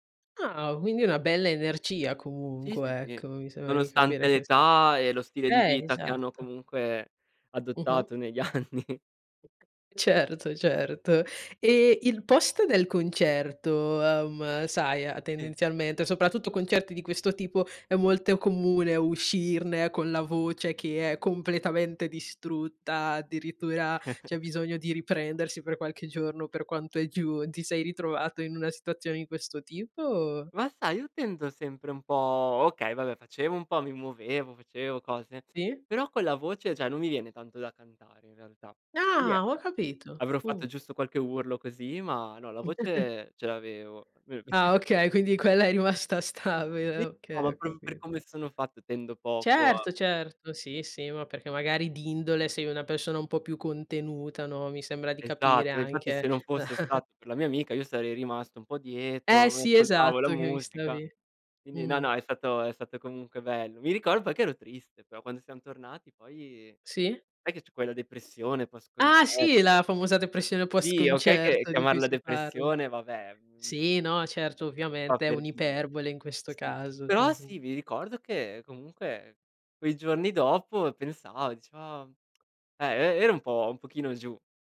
Ah! Quindi una bella energia Sì, sì, comunque, sì. ecco, mi sembra di capire Nonostante che se età e lo stile di Eh, vita che hanno esatto. comunque Mh-mh. adottato negli anni. Certo, certo. E il post del concerto, uhm, sai Sì. tendenzialmente, soprattutto concerti di questo tipo, è molto comune uscirne con la voce che è completamente distrutta, addirittura c'è bisogno di riprendersi per qualche giorno per quanto è giù, ti sei ritrovato in una situazione di questo tipo, o? Ma sai, io tendo sempre un po' okay, vabbè facevo un po' mi muovevo, facevo cose. Sì. Però con la voce già non mi viene tanto da cantare in realtà. E Ah, ho niente, capito. avrò Mh. fatto giusto qualche urlo così, ma no, la voce ce l'avevo. Ah, [unintelligible] okay. Quindi quella è rimasta stabile, okay, ho [unintelligible] per capit come sono fatto tendo poco a Certo, certo. Sì, sì, ma perché magari di indole sei una persona un po' più contenuta, no, mi sembra di capire Esatto. E infatti se anche. non fosse stato per la mia amica io sarei rimasto un po' Eh, dietro, mi sì, ascoltavo la esatto che mi musica. stavi Quindi, no, mh-mh. no, è stato è stato comunque bello. Mi ricordo che ero triste, però quando siam tornati poi Sì. sai che c'è quella depressione post Ah, concerto sì, che la famosa depressione Sì, okay che post-concerto di cui chiamarla si parla. depressione vabbè, mhmm Sì, no, certo, fa ovviamente è per dire un'iperbole in questo Sì. caso. Però Mh-mh. sì, mi ricordo che comunque quei giorni dopo pensava, dicevo: "ah" e e era un po' un pochino giù.